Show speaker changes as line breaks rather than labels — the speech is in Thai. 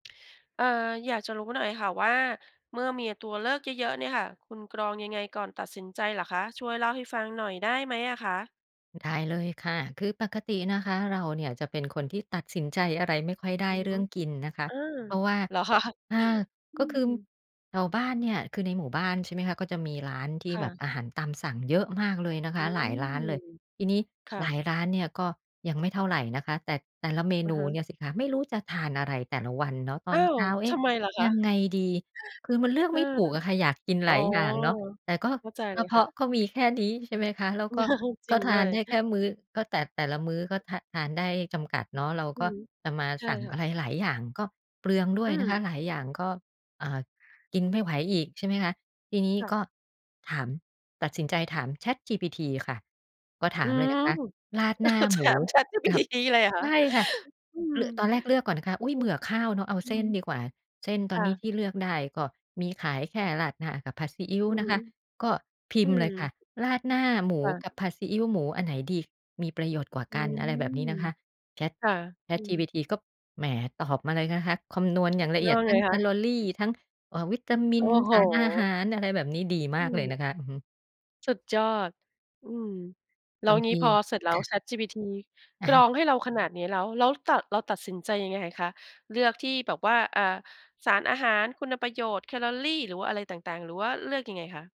เอ่อ อยากจะรู้หน่อยค่ะว่า เมื่อมีตัวเลือกเยอะ ๆ เนี่ยค่ะ คุณกรองยังไงก่อนตัดสินใจเหรอคะ ช่วยเล่าให้ฟังหน่อยได้ไหมอะคะ?
ได้เลยค่ะ คือปกตินะคะเราเนี่ย จะเป็นคนที่ตัดสินใจอะไรไม่ค่อยได
อ
้
ือ
เร
ฮ
ื่
ึ
องกินนะคะ
อา
เพราะว่า
เหรอ คะ
อ่า
อื
ก็คือ
ม
แถวบ้านเนี่ย คือในหมู่บ้าน ใช่ไหมคะ ก็มีร้านที่
ค่
แบ
ะ
บอาหารตามสั่งเยอะมากเลยนะค
อื
ะ หลายร้าน
ม
เลย ทีนี้
ค่
หลา
ะ
ยร้านเนี่ย ก็ยังไม่เท่าไรนะคะ แต่ แต่ละเม
อะ
นู
ฮะ
เนี่ยสิคะ ไม่รู้จะทานอะไรแต่ละวันเนาะ ต
อ้
อ
า
น
ว!
เช้า เอ
ท
๊ะ
ำไมล่ะค
ย
ะ?
ังไงดี คือมันเลือก
อ
ไ
า
ม่ถูกอะค่ะ อยากกิน
อ๋
ห
อ
ลายอย่างเนาะ แต่ก็
เข้าใจ
ก
เล
ระ
ย
เพ
ค่
าะ
ะ
ก็มีแค่นี้ ใช่ไหมคะ แล้วก็
จร
ก
ิ
็
ง
ท
ด
า
้ว
น
ย
ได้แค่มื้อ ก็แต่ แต่ละมื้อก็ทาน ทานได้จำกัดเนาะ เรา
อื
ก
อ
็
ฮึ
จะมา
ใช่
สั่ง
ค่
อ
ะ
ะไรหลายอย่างก็เปลืองด้ว
อื
ยนะค
อ
ะ หลายอย่าง ก็ อ่า กินไม่ไหวอีก ใช่ไหมคะ ทีนี้
ค่ะ
ก็ถาม ตัดสินใจถาม ChatGPT ค่ะ ก็ถ
อื
ามเลยน
ม
ะคะ ราดหน้า
ถ
หมู
าม
กับ
ChatGPT เลยเหรอค
ใ
่ะ
ช่ค่ะ
อืม
เลือ ตอนแ
อื
ร
อ
กเลือกก่อนนะคะ อุ๊ย เบื่อข้าวเนาะ เอา
อื
เส
อ
้
ฮึ
นดีกว่า เส้นต
ค
อน
่
นี้
ะ
ที่เลือกได้ก็มีขายแค่ราดหน้ากับผัดซีอิ๊ว
อือ
น
ฮ
ะ
ึ
คะ ก็พิ
อื
มพ์
ม
เลยค่ะ ราดหน้าหมู
ค่ะ
กับผัดซีอิ๊วหมูอันไหนดีมีประโยชน์กว่า
อื
กัน อะไรแบบนี
ม
้นะคะ Chat
ค่ะ อืม
ChatGPT ก็แหม ตอบมาเลยนะคะ คำนวณอย่างละ
เล
เ
ื
อี
อ
ย
ก
ด
ยัง
ท
ไ
ั
ง
้งแค
คะ?
ลอรี ทั้ง อ่า วิตาม
โ
ิ
อ้
น
โฮ
สารอาหาร อะไรแบบนี้ ดี
อ
ม
ื
ากเลย
ม
นะคะ อือฮึ
สุดยอด อืม แล้
บ
ว
าง
ง
ท
ี้
ี
พอเสร็จแล้
ค
ว
่ะ
ChatGPT
อ
ก
ะ
ร
ฮะ
องให้เราขนาดนี้แล้ว แล้วตัด เราตัดสินใจยังไงคะ เลือกที่แบบว่า อ่า สารอาหาร คุณประโยชน์ แคลอรี หรือว่าอะไรต่าง ๆ หรือว่าเลือกยังไงคะ?